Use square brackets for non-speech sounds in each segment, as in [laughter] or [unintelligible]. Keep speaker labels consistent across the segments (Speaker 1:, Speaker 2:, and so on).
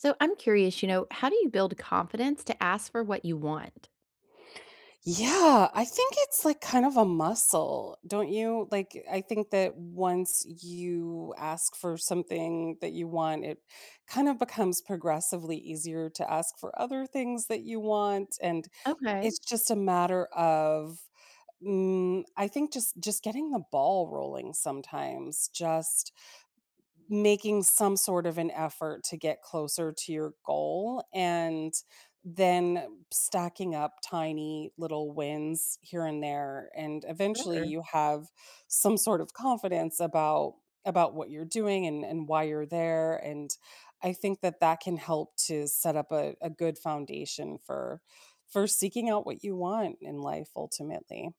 Speaker 1: So, I'm curious, you know, how do you build confidence to ask for what you want?
Speaker 2: Yeah, I think it's, like, kind of a muscle, don't you? Like, I think that once you ask for something that you want, it kinda becomes progressively easier to ask for other things that you want, and
Speaker 1: Okay.
Speaker 2: it's just a matter of, mm, I think, just just getting the ball rolling sometimes, just making some sort of an effort to get closer to your goal and then stacking up tiny little wins here and there, and, eventually,
Speaker 1: Sure.
Speaker 2: you have some sort of confidence about about what you're doing and and why you're there, and I think that that can help to set up a a good foundation for for seeking out what you want in life, ultimately.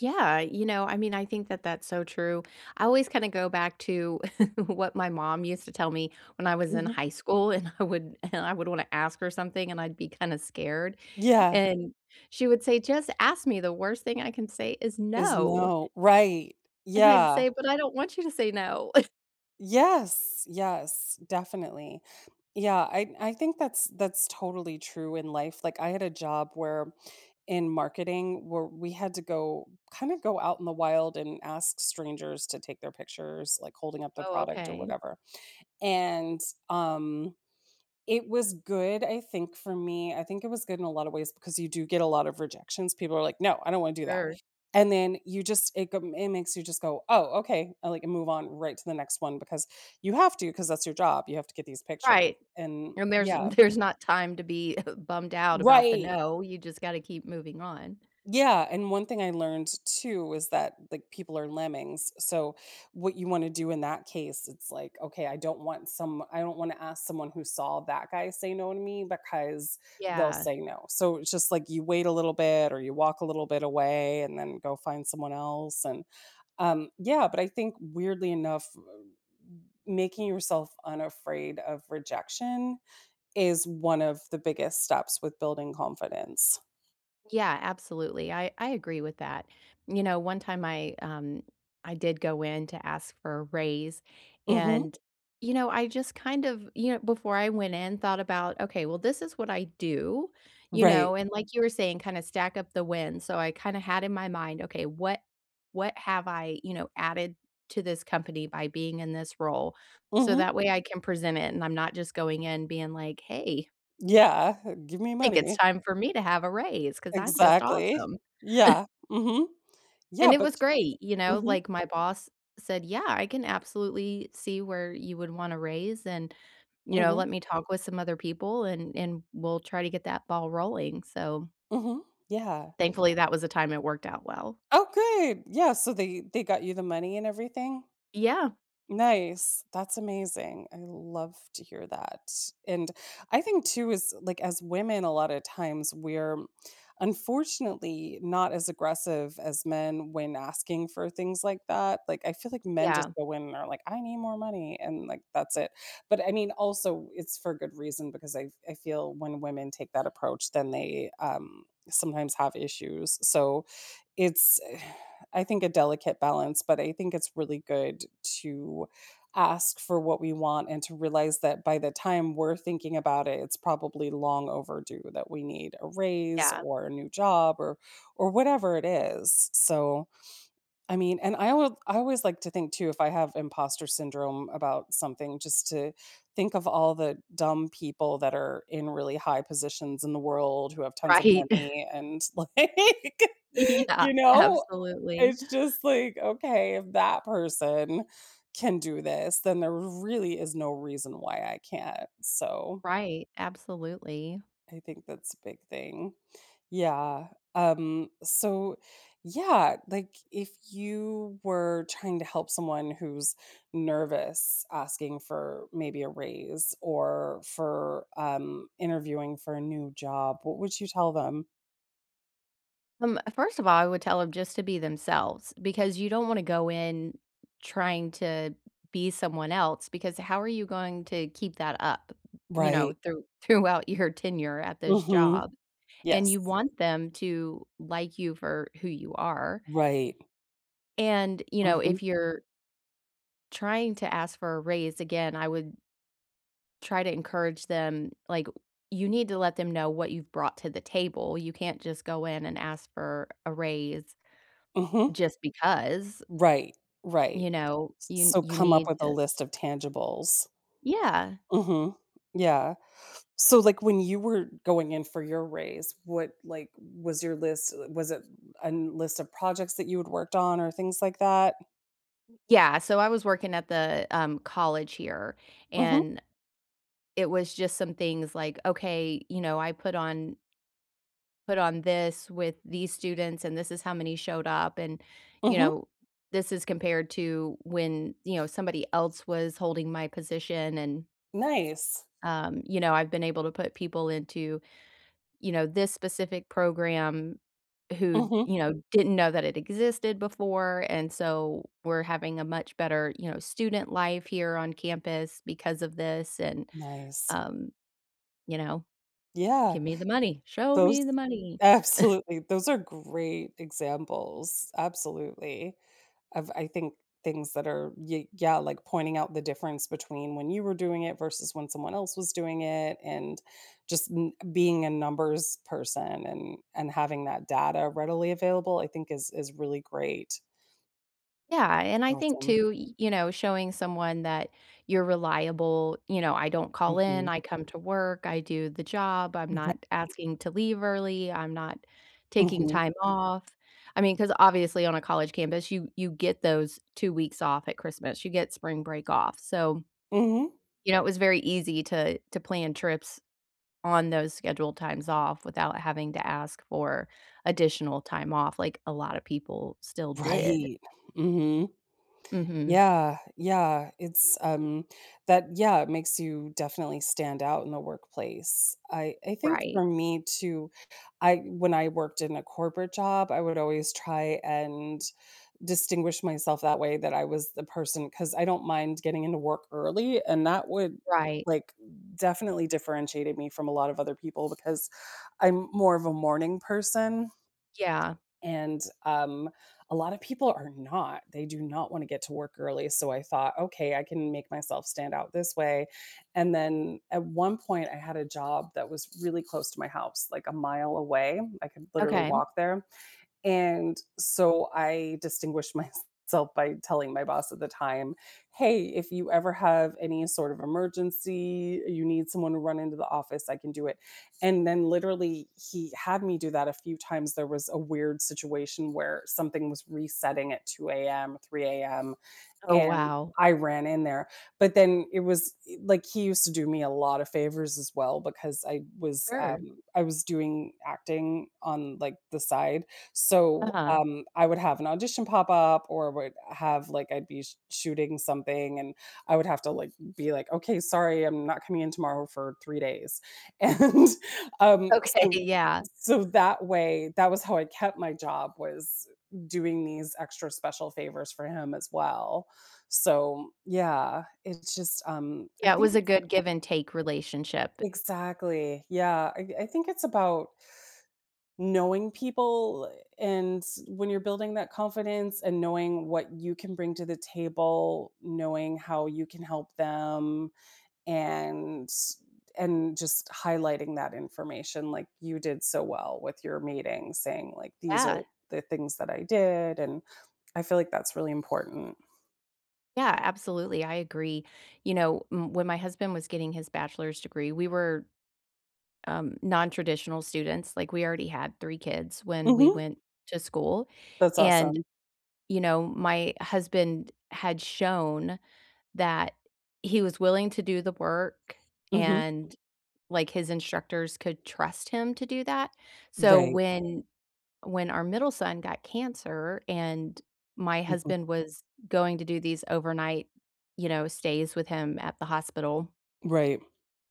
Speaker 1: Yeah, you know, I mean, I think that that's so true. I always kinda go back to [chuckles] what my mom used to tell me when I was in
Speaker 2: Mhm.
Speaker 1: high school, and I would and I would wanna ask her something, and I'd be kinda scared,
Speaker 2: Yeah.
Speaker 1: and she would say, "Just ask me, the worst thing I can say is
Speaker 2: Is
Speaker 1: 'No'."
Speaker 2: no Right.
Speaker 1: And I'd
Speaker 2: Yeah.
Speaker 1: say, "But I don't want you to say no." [chuckles]
Speaker 2: Yes, yes, definitely. Yeah, I I think that's that's totally true in life. Like, I had a job, where in marketing, where we had to go kinda go out in the wild and ask strangers to take their pictures, like, holding up the
Speaker 1: Oh,
Speaker 2: product or
Speaker 1: okay.
Speaker 2: whatever. And, um, it was good, I think, for me I think it was good in a lotta ways because you do get a lot of rejections; people are like, "No, I don't wanna do that."
Speaker 1: Sure.
Speaker 2: And then you just it go it makes you just go, "Oh, okay," I like, move on right to the next one because you have to, ‘cause that's your job; you have to get these pictures,
Speaker 1: Right.
Speaker 2: and
Speaker 1: And there's
Speaker 2: yeah.
Speaker 1: there's not time to be [chuckles] bummed out about the
Speaker 2: Right.
Speaker 1: "no," you just gotta keep moving on.
Speaker 2: Yeah, and one thing I learned, too, is that, like, people are lemmings, so what you wanna do in that case, it's like, okay, I don't want some I don't wanna ask someone who saw that guy say no to me, because they'll
Speaker 1: Yeah.
Speaker 2: say no. So, it's just, like, you wait a little bit or you walk a little bit away and then go find someone else, and um, yeah, but I think, weirdly enough, m m making yourself unafraid of rejection is one of the biggest steps with building confidence.
Speaker 1: Yeah, absolutely. I I agree with that. You know, one time I, um, I did go in to ask for a raise,
Speaker 2: Mhm.
Speaker 1: and, you know, I just, kind of, you know, before I went in, thought about, "Okay, well, this is what I do" you
Speaker 2: Right.
Speaker 1: know, and, like, you were saying, kinda stack up the wins, so I kinda had in my mind, "Okay, what what have I, you know, added to this company by being in this role?" so
Speaker 2: Mhm.
Speaker 1: that way I can present it, and I'm not just going in being like, "Hey,
Speaker 2: Yeah. Give me
Speaker 1: think it's
Speaker 2: money.
Speaker 1: time for me to have a raise 'cause I'm just
Speaker 2: Exactly.
Speaker 1: awesome." [chuckles]
Speaker 2: Yeah. Mhm. Yeah,
Speaker 1: And it
Speaker 2: but
Speaker 1: was great, you know,
Speaker 2: Mhm.
Speaker 1: like, my boss said, "Yeah. I can absolutely see where you would want a raise, and, you know,
Speaker 2: Mhm.
Speaker 1: let me talk with some other people, and and we'll try to get that ball rolling." so
Speaker 2: Mhm. Yeah.
Speaker 1: thankfully, that was the time it worked out well.
Speaker 2: Okay. Yeah, so they they got you the money and everything?
Speaker 1: Yeah.
Speaker 2: Nice. That's amazing. I love to hear that, and I think too as like, as women, a lot of times we're unfortunately not as aggressive as men when asking for things like that, like, I feel, like, men just
Speaker 1: Yeah.
Speaker 2: go in and are like, "I need more money," and, like, that's it, but, I mean, also, it's for a good reason because I f I feel when women take that approach, then they, um, sometimes have issues, so it's, [sighs] I think, a delicate balance, but I think it's really good to ask for what we want and to realize that by the time we're thinking about it, it's probably long overdue that we need a raise
Speaker 1: Yeah.
Speaker 2: or a new job or or whatever it is, so I mean, and I would I always like to think, too, if I have impostor syndrome about something, just to think of all the dumb people that are in really high positions in the world, who have tons of
Speaker 1: Right. [chuckles]
Speaker 2: money and, like
Speaker 1: Yeah.
Speaker 2: you know?
Speaker 1: Absolutely.
Speaker 2: It's just, like, okay, if that person can do this then there really is no reason why I can't, so
Speaker 1: Right. Absolutely.
Speaker 2: I think that's a big thing. Yeah. Um, so, yeah, like, if you were trying to help someone who's nervous asking for, maybe, a raise, or for, um, interviewing for a new job, what would you tell them?
Speaker 1: Um, first of all, I would tell 'em just to be themselves, because you don't wanna go in trying to be someone else, because how are you going to keep that up, you know,
Speaker 2: Right.
Speaker 1: through throughout your tenure at this
Speaker 2: Mhm.
Speaker 1: job? And you
Speaker 2: Yes.
Speaker 1: want them to like you for who you are.
Speaker 2: Right.
Speaker 1: And, you know,
Speaker 2: Mhm.
Speaker 1: if you're trying to ask for a raise, again, I would try to encourage them, like, you need to let them know what you've brought to the table; you can't just go in and ask for a raise,
Speaker 2: Mhm.
Speaker 1: just because.
Speaker 2: Right, right,
Speaker 1: You know?
Speaker 2: s
Speaker 1: You
Speaker 2: so
Speaker 1: you
Speaker 2: come up
Speaker 1: need
Speaker 2: with a
Speaker 1: to
Speaker 2: list of tangibles.
Speaker 1: Yeah.
Speaker 2: Mhm. Yeah. So, like, when you were going in for your raise, what, like, was your list, uh was it an list of projects that you had worked on, or things like that?
Speaker 1: Yeah, so I was working at the, um, college here,
Speaker 2: Mhm.
Speaker 1: and it was just some things, like, "Okay," you know, "I put on" "put on this with these students, and this is how many showed up, and," you
Speaker 2: Mhm.
Speaker 1: know, "this is compared to when," you know, "somebody else was holding my position and"
Speaker 2: Nice.
Speaker 1: um, you know, "I've been able to put people into," you know, "this specific program who,"
Speaker 2: Mhm.
Speaker 1: you know, "didn't know that it existed before, and so we're having a much better," you know, "student life here on campus because of this, and"
Speaker 2: Nice.
Speaker 1: um, you know,
Speaker 2: Yeah.
Speaker 1: "give me the money, show
Speaker 2: Those
Speaker 1: me the money." [chuckles]
Speaker 2: Absolutely, those are great examples- absolutely- of I think, things that are ye yeah, like, pointing out the difference between when you were doing it versus when someone else was doing it and, just n being a numbers person and and having that data readily available, I think, is is really great.
Speaker 1: Yeah,
Speaker 2: That's
Speaker 1: and I think
Speaker 2: awesome.
Speaker 1: too, y you know, showing someone that you're reliable, you know, I don't call in,
Speaker 2: Mhm.
Speaker 1: I come to work, I do the job, I'm
Speaker 2: Exac
Speaker 1: not asking to leave early, I'm not taking
Speaker 2: Mhm.
Speaker 1: time off, I mean, 'cause obviously on a college campus, you you get those 2 weeks off at Christmas, you get spring break off, so
Speaker 2: Mhm.
Speaker 1: you know, it was very easy to to plan trips on those scheduled times off without having to ask for additional time off, like, a lotta people still did.
Speaker 2: Right, mhm.
Speaker 1: Mhm.
Speaker 2: Yeah, yeah, it's um, that yeah, it makes you definitely stand out in the workplace. I I think for
Speaker 1: Right.
Speaker 2: me too, I when I worked in a corporate job, I would always try and distinguish myself that way, that I was the person 'cause I don't mind getting into work early, and that would,
Speaker 1: Right.
Speaker 2: like, definitely differentiated me from a lot of other people because I'm more of a morning person
Speaker 1: Yeah.
Speaker 2: and, um, a lotta people are not; they do not wanna get to work early, so I thought, "Okay, I can make myself stand out this way," and then, at one point, I had a job that was really close to my house, like, a mile away- I could literally
Speaker 1: Okay, mm.
Speaker 2: walk there- and so I distinguished myself by telling my boss at the time, "Hey, if you ever have any sort of emergency, you need someone to run into the office, I can do it." And then literally, he had me do that a few times, there was a weird situation where something was resetting at 2 AM, 3 AM,
Speaker 1: Oh,
Speaker 2: and
Speaker 1: wow.
Speaker 2: I ran in there; but then, it was i like, he used to do me a lotta favors as well, because I was,
Speaker 1: Sure.
Speaker 2: um, I was doing acting on, like, the side, so,
Speaker 1: Uh-huh.
Speaker 2: um, I would have an audition pop up or would have, like, I'd be sh shooting something, and I would have to, like, be like, "Okay, sorry, I'm not coming in tomorrow, for 3 days." And, um,
Speaker 1: Okay,
Speaker 2: so
Speaker 1: yeah.
Speaker 2: so that way that was how I kept my job, was doing these extra special favors for him as well. So, yeah, it's just, um, I
Speaker 1: Yeah, it
Speaker 2: think
Speaker 1: was a
Speaker 2: it's
Speaker 1: good give and take relationship.
Speaker 2: Exactly, yeah, I I think it's about knowing people and when you're building that confidence and knowing what you can bring to the table, knowing how you can help them, and and just highlighting that information, like, you did so well with your meeting saying, like, "These are
Speaker 1: Yeah.
Speaker 2: the things that I did," and I feel, like, that's really important.
Speaker 1: Yeah, absolutely, I agree. You know, m when my husband was getting his bachelor's degree, we were, um, nontraditional students, like, we already had 3 kids when we
Speaker 2: Mhm.
Speaker 1: went to school,
Speaker 2: That's
Speaker 1: and,
Speaker 2: awesome.
Speaker 1: you know, my husband had shown that he was willing to do the work
Speaker 2: Mhm.
Speaker 1: and, like, his instructors could trust him to do that, so
Speaker 2: Right.
Speaker 1: when when our middle son got cancer and my husband
Speaker 2: [unintelligible]
Speaker 1: was going to do these overnight, you know, stays with him at the hospital
Speaker 2: Right.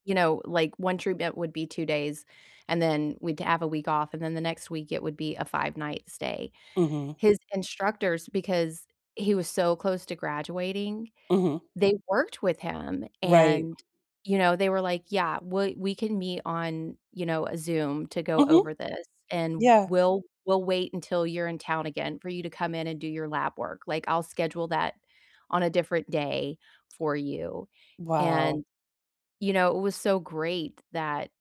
Speaker 1: you know, like, 1 treatment would be 2 days, and then we'd have a week off, and then the next week, it would be a five-night stay.
Speaker 2: Mhm.
Speaker 1: His instructors because he was so close to graduating,
Speaker 2: Mhm.
Speaker 1: they worked with him,
Speaker 2: Right.
Speaker 1: and, you know, they were like, "Yeah. We we can meet on, you know, Zoom to go
Speaker 2: Mhm.
Speaker 1: over this, and
Speaker 2: Yeah.
Speaker 1: we'll we'll wait until you're in town again for you to come in and do your lab work, like, I'll schedule that on a different day for you."
Speaker 2: Wow!
Speaker 1: and, you know, it was so great that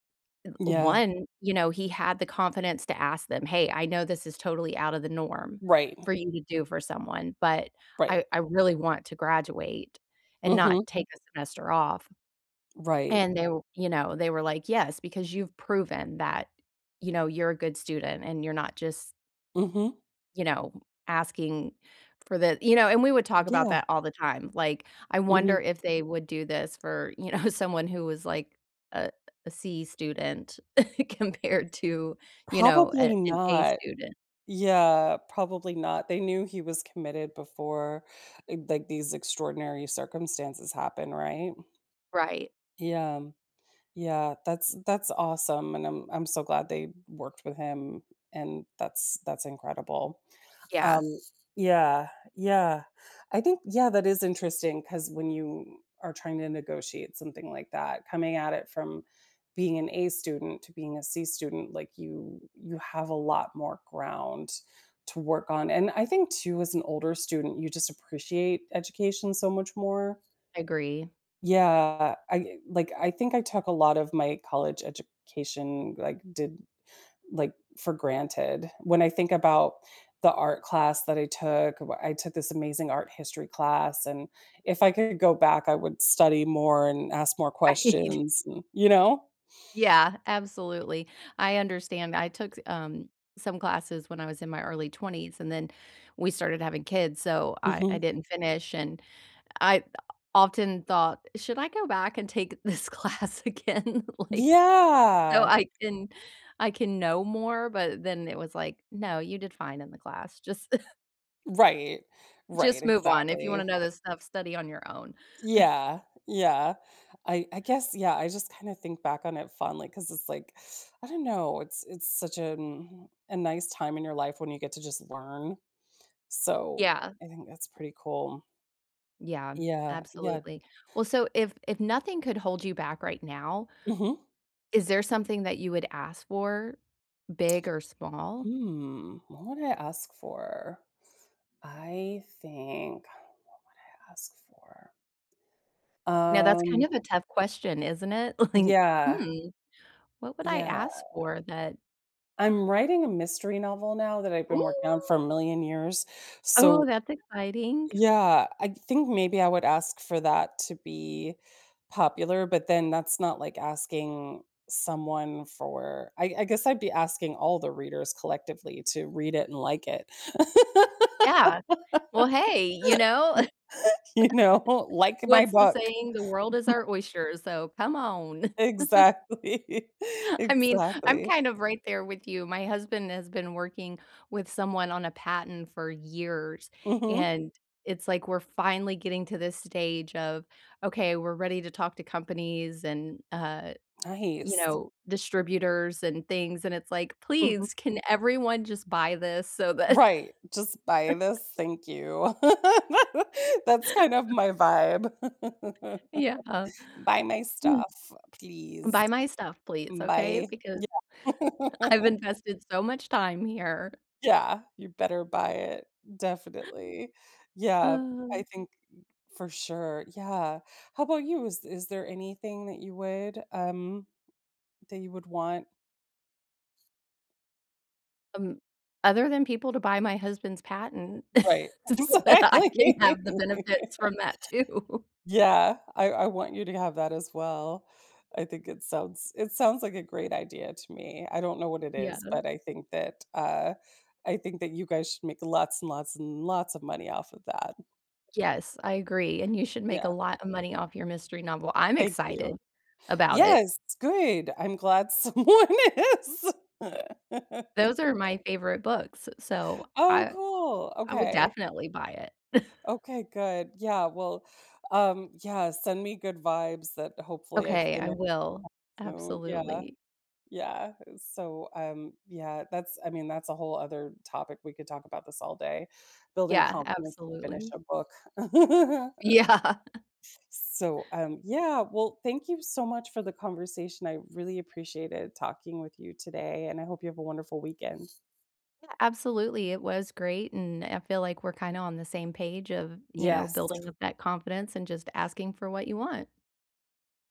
Speaker 1: th
Speaker 2: Yeah.
Speaker 1: one, you know, he had the confidence to ask them, "Hey, I know this is totally out of the norm
Speaker 2: Right.
Speaker 1: for you to do for someone, but
Speaker 2: Right.
Speaker 1: I I really want to graduate and
Speaker 2: Mhm.
Speaker 1: not take a semester off."
Speaker 2: Right.
Speaker 1: and w you know, they were like, "Yes, because you've proven that, you know, you're a good student, and you're not just"
Speaker 2: Mhm.
Speaker 1: "you know, asking for the" you know, and we would talk about
Speaker 2: Yeah.
Speaker 1: that all the time, like, I wonder
Speaker 2: Mhm.
Speaker 1: if they would do this for, you know, someone who was, like, uh, a C student compared to, you know, a
Speaker 2: Probably
Speaker 1: an A
Speaker 2: not.
Speaker 1: student.
Speaker 2: Yeah, probably not. They knew he was committed before, eh, g like, these extraordinary circumstances happen, right?
Speaker 1: Right.
Speaker 2: Yeah. Yeah. That's that's awesome, and I'm I'm so glad they worked with him, and that's that's incredible.
Speaker 1: Yeah.
Speaker 2: Um. Yeah. Yeah. I think, yeah, that is interesting ‘cause when you are trying to negotiate something like that, coming at it from being an A student to being a C student, like, you you have a lot more ground to work on, and I think too as an older student, you just appreciate education so much more.
Speaker 1: I agree.
Speaker 2: Yeah. I like, I think I took a lot of my college education, like, did, like, for granted. When I think about the art class that I took, wh I took this amazing art history class, and if I could go back, I would study more and ask more
Speaker 1: Right.
Speaker 2: questions. You know?
Speaker 1: Yeah, absolutely. I understand, I took s um, some classes when I was in my early 20s and then we started having kids, so I I
Speaker 2: Mhm.
Speaker 1: didn't finish, and I often thought, should I go back and take this class again? Like, so
Speaker 2: Yeah.
Speaker 1: I can I can know more? But then it was like, "No, you did fine in the class." Just [scoffs]
Speaker 2: Right, right,
Speaker 1: just move on, if you wanna
Speaker 2: exactly.
Speaker 1: know this stuff, study on your own. [scoffs]
Speaker 2: Yeah, yeah, I I guess yeah, I just kinda think back on it fondly ‘cause it's like, I don't know, it's it's such an mm a nice time in your life when you get to just learn, so,
Speaker 1: Yeah.
Speaker 2: I think that's pretty cool.
Speaker 1: Yeah,
Speaker 2: Yeah, yeah.
Speaker 1: absolutely. Well, so if if nothing could hold you back right now
Speaker 2: Mhm.
Speaker 1: is there something that you would ask for, big or small?
Speaker 2: Hmm, what would I ask for? I think what would I ask for?
Speaker 1: Now that's kind of
Speaker 2: Um.
Speaker 1: a tough question, isn't it? Like,
Speaker 2: Yeah.
Speaker 1: hmm what would I
Speaker 2: Yeah.
Speaker 1: ask for that
Speaker 2: I'm writing a mystery novel now that I've been working on for a
Speaker 1: Ooh.
Speaker 2: million years,
Speaker 1: Oh,
Speaker 2: so
Speaker 1: that's exciting.
Speaker 2: yeah, I think maybe I would ask for that to be popular, but then that's not like asking someone for I I guess I'd be asking all the readers collectively to read it and like it. [laughs]
Speaker 1: Yeah. Well, hey, you know? [laughs]
Speaker 2: You know? Like my
Speaker 1: What's the
Speaker 2: book.
Speaker 1: saying? The world is
Speaker 2: [chuckles]
Speaker 1: our oyster, so come on. [chuckles]
Speaker 2: Exactly.
Speaker 1: I mean, I'm
Speaker 2: Exactly.
Speaker 1: kind of right there with you. My husband has been working with someone on a patent for years,
Speaker 2: Mhm.
Speaker 1: and it's like we're finally getting to this stage of, okay, we're ready to talk to companies and, uh, you
Speaker 2: Nice.
Speaker 1: know, distributors and things, and it's like,
Speaker 2: Mhm.
Speaker 1: "Please, can everyone just buy this so that"
Speaker 2: Right! Just buy
Speaker 1: [chuckles]
Speaker 2: this, thank you. [laughs] That's kind of
Speaker 1: [laughs]
Speaker 2: my vibe. [laughs]
Speaker 1: Yeah, uh
Speaker 2: Buy my stuff, please.
Speaker 1: buy my stuff, please, okay?
Speaker 2: Bye.
Speaker 1: Because,
Speaker 2: Yeah.
Speaker 1: I've
Speaker 2: [laughs]
Speaker 1: invested so much time here.
Speaker 2: Yeah, you better buy it. Definitely, yeah, I
Speaker 1: Oh.
Speaker 2: think for sure, yeah, how about you? Is is there anything that you would, um, that you would want?
Speaker 1: Um. Other than people to buy my husband's patent
Speaker 2: Right.
Speaker 1: [chuckles] so that I
Speaker 2: Exactly.
Speaker 1: can have the benefits from
Speaker 2: [laughs]
Speaker 1: that too.
Speaker 2: Yeah, I I want you to have that as well, I think it sounds it sounds like a great idea to me, I don't know what it
Speaker 1: Yeah.
Speaker 2: is, but I think that, uh, I think that you guys should make lots and lots and lots of money off of that.
Speaker 1: Yes, I agree, and you should make a
Speaker 2: Yeah.
Speaker 1: lot of money off your mystery novel, I'm
Speaker 2: Thank you.
Speaker 1: excited about it.
Speaker 2: Yes, good, I'm glad someone is.
Speaker 1: Those are my
Speaker 2: [laughs]
Speaker 1: favorite books, s so
Speaker 2: Oh,
Speaker 1: I
Speaker 2: cool.
Speaker 1: I would
Speaker 2: Okay.
Speaker 1: definitely buy it. [chuckles]
Speaker 2: Okay, good, yeah, well, um, yeah, send me good vibes that hopefully I
Speaker 1: Okay, I
Speaker 2: fini
Speaker 1: will.
Speaker 2: soon, yeah.
Speaker 1: Absolutely.
Speaker 2: Yeah, so, um, yeah, that's I mean, that's a whole other topic, we could talk about this all day, building
Speaker 1: Yeah,
Speaker 2: confidence to finish
Speaker 1: absolutely.
Speaker 2: a book. [laughs]
Speaker 1: Yeah.
Speaker 2: So, um, yeah, well, thank you so much for the conversation, I really appreciated talking with you today, and I hope you have a wonderful weekend.
Speaker 1: Yeah, absolutely, it was great, and I feel like we're kinda on the same page of, you know, building
Speaker 2: Yes.
Speaker 1: up that confidence and just asking for what you want.